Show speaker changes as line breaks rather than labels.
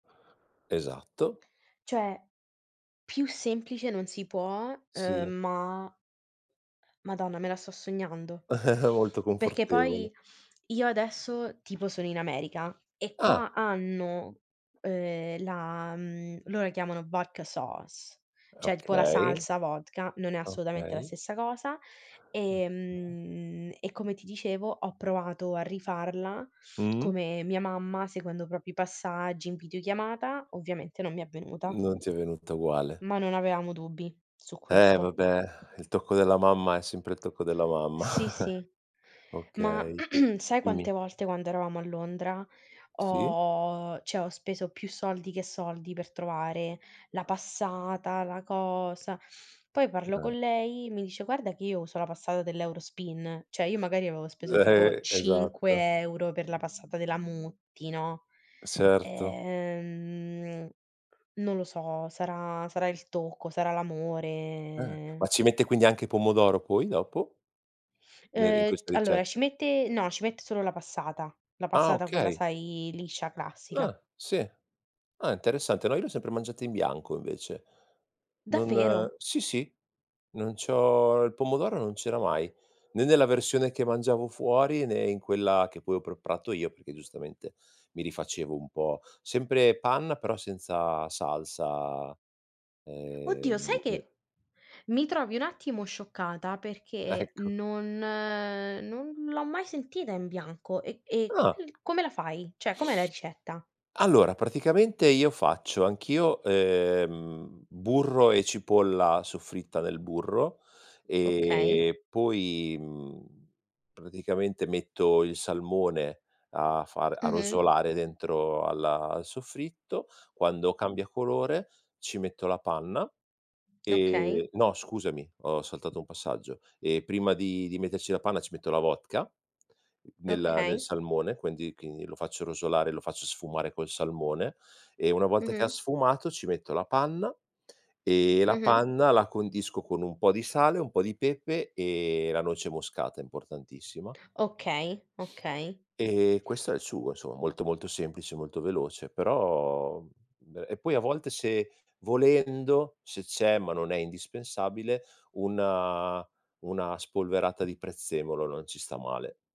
Esatto.
Cioè, più semplice non si può, uhm,
Sì.
ma madonna, me la sto sognando,
Molto
perché poi,
confortevole.
io adesso, tipo sono in America, e qua
Ah!
hanno, ehm, la mhmm, loro la chiamano "Vodka Sauce", cioè, tipo, la
Okay.
salsa vodka, non è assolutamente la
Okay.
stessa cosa, e
[unintelligible]
mhmm, e come ti dicevo, ho provato a rifarla,
Mh.
come mia mamma, seguendo proprio i passaggi in videochiamata, ovviamente non mi è venuta.
Non ti è venuta uguale.
Ma non avevamo dubbi, su
Eh
questo.
vabbè, il tocco della mamma, è sempre il tocco della mamma.
Sì sì, ma
Okay,
sai
dimmi.
quante volte quando eravamo a Londra,
Sì.
ho cioè, ho speso più soldi che soldi, per trovare, la passata, la cosa poi parlo co'
[unintelligible]
lei, mi dice: "Guarda che io uso la passata dell'Eurospin", cioè, io magari avevo speso
Uhm,
tipo,
e esatto.
5 € per la passata della Mutti, no,
S certo.
ehm, non lo so, sarà sarà il tocco, sarà
Eh,
l'amore
ma ci metti quindi anche i pomodoro, poi, dopo? Ne d in
Uhm, c
questa
allora, ci
ricetta?
mette no, ci mette solo la passata, la
Ah,
passata quella,
okay!
sai liscia, classica.
Ah, sì. Ah, interessante, no, io l'ho sempre mangiata in bianco, invece. Non
Davvero?
sì, sì, non c'ho il pomodoro non c'era mai, né nella versione che mangiavo fuori, né in quella che poi ho preparato io, perché giustamente, mi rifacevo un po' sempre panna, però, senza salsa
Oddio!
ehm
Sai
[unintelligible]
che mi trovi un attimo scioccata perché
Ecco.
non non l'ho mai sentita in bianco, e e come
Ah!
l come la fai? Cioè, com'è la ricetta?
Allora, praticamente io faccio, anch'io, ehm, burro e cipolla, soffritta nel burro,
Okay.
e poi, mhmm, praticamente metto il salmone, a far a
Mh-mh.
rosolare dentro al al soffritto. Quando cambia colore, ci metto la panna,
Okay.
e no, scusami, ho saltato 1 passaggio, ehm, prima di di metterci la panna ci metto la vodka nella nel
Okay.
salmone, quendi quindi lo faccio rosolare, e lo faccio sfumare col salmone, e una volta che ha
Mh-mh.
sfumato, ci metto la panna, e la
Mh-mh.
panna la condisco con un po' di sale, un po' di pepe e la noce moscata, importantissima
Okay, okay.
e questo è il sugo, insomma; molto, molto semplice, molto veloce però [unintelligible] e poi a volte se, volendo, se c'è, ma non è indispensabile, una una spolverata di prezzemolo, non ci sta male.